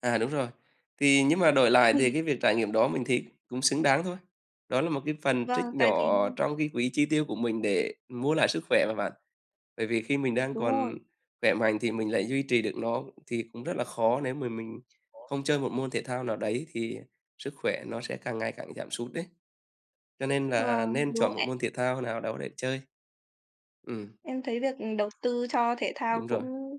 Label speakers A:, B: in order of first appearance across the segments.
A: À, đúng rồi. Thì nhưng mà đổi lại thì
B: Ừm.
A: cái việc trải nghiệm đó mình thấy cũng xứng đáng thôi, đó là một cái phần
B: Vâng,
A: trích
B: tại vì
A: nhỏ trong cái quỹ chi tiêu của mình để mua lại sức khỏe mà bạn, bởi vì khi mình đang
B: Đúng
A: còn
B: rồi.
A: khỏe mạnh thì mình lại duy trì được nó. Thì cũng rất là khó nếu mà mình không chơi một môn thể thao nào đấy thì sức khỏe nó sẽ càng ngày càng giảm sút đấy. Cho nên là
B: Vâng,
A: nên
B: đúng
A: chọn một
B: đấy.
A: môn thể thao nào đó để chơi. Ừm.
B: Em thấy việc đầu tư cho thể thao
A: Đúng rồi.
B: cũng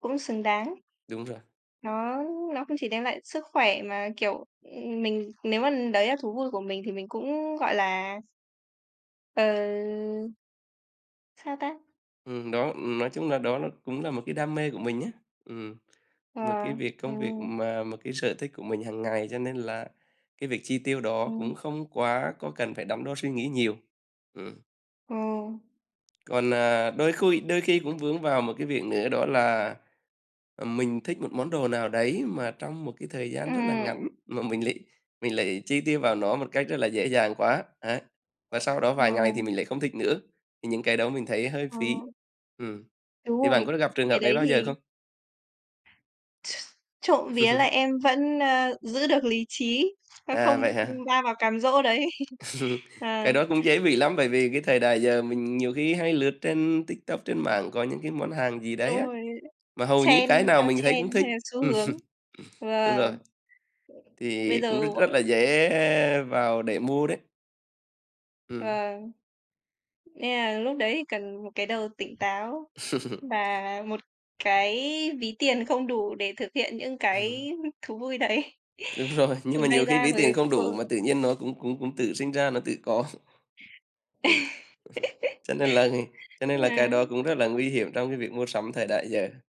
B: cũng xứng đáng.
A: Đúng rồi.
B: Nó nó không chỉ đem lại sức khỏe mà, kiểu, ừm, mình nếu mà đấy là thú vui của mình thì mình cũng, gọi là Ờ. Sao ta?
A: Ừm, đó, nói chung là, đó là cũng là một cái đam mê của mình á, ừm, mà
B: Ờ,
A: cái việc công việc
B: ừm.
A: mà một cái sở thích của mình hàng ngày cho nên là cái việc chi tiêu đó cũng
B: Ừm.
A: không quá có cần phải đắn đo suy nghĩ nhiều. Ừm.
B: Ừ.
A: Còn, à, đôi khuy đôi khi cũng vướng vào một cái việc nữa đó là, ờ, mình thích một món đồ nào đấy mà trong một cái thời gian rất là
B: Ừm.
A: ngắn mà mình lại mình lại chi tiêu vào nó một cách rất là dễ dàng quá, ấy, và sau đó
B: Ừ.
A: vài ngày thì mình lại không thích nữa, thì những cái đó mình thấy hơi
B: Ờ.
A: phí. Ừm,
B: Đúng
A: thì bạn
B: rồi,
A: có gặp trường
B: cái
A: hợp đấy
B: đấy
A: bao giờ
B: thì
A: không?
B: Trộm vía là em vẫn, ơ, giữ được lý trí, nó
A: À,
B: không,
A: vậy hả?
B: ưm, va vào cám dỗ đấy.
A: Cái
B: Ờ.
A: đó cũng dễ bị lắm bởi vì cái thời đại giờ mình nhiều khi hay lướt trên TikTok, trên mạng có những cái món hàng gì đấy
B: Đúng
A: á,
B: rồi,
A: mà hầu như
B: xem
A: cái nào
B: theo
A: mình thấy cũng
B: trend
A: thích.
B: hay là xu
A: Ừm,
B: hướng.
A: đúng rồi.
B: Vâng. Bây
A: Thì cũng
B: giờ,
A: r rất
B: bọn
A: là dễ vào để mua đấy. Ừm.
B: Vâng. Nên là lúc đấy thì cần một cái đầu tỉnh táo và một cái ví tiền không đủ để thực hiện những
A: Ừm.
B: cái thú vui đấy.
A: Đúng rồi, nhưng
B: Thì
A: mà nhiều
B: may
A: khi
B: ra
A: ví tiền
B: mới
A: không đủ mà
B: [unintelligible]
A: tự nhiên nó cũng cũng cũng tự sinh ra, nó tự có. Ừm, cho nên là cho nên là cái đó
B: Ờ.
A: cũng rất là nguy hiểm trong cái việc mua sắm thời đại giờ.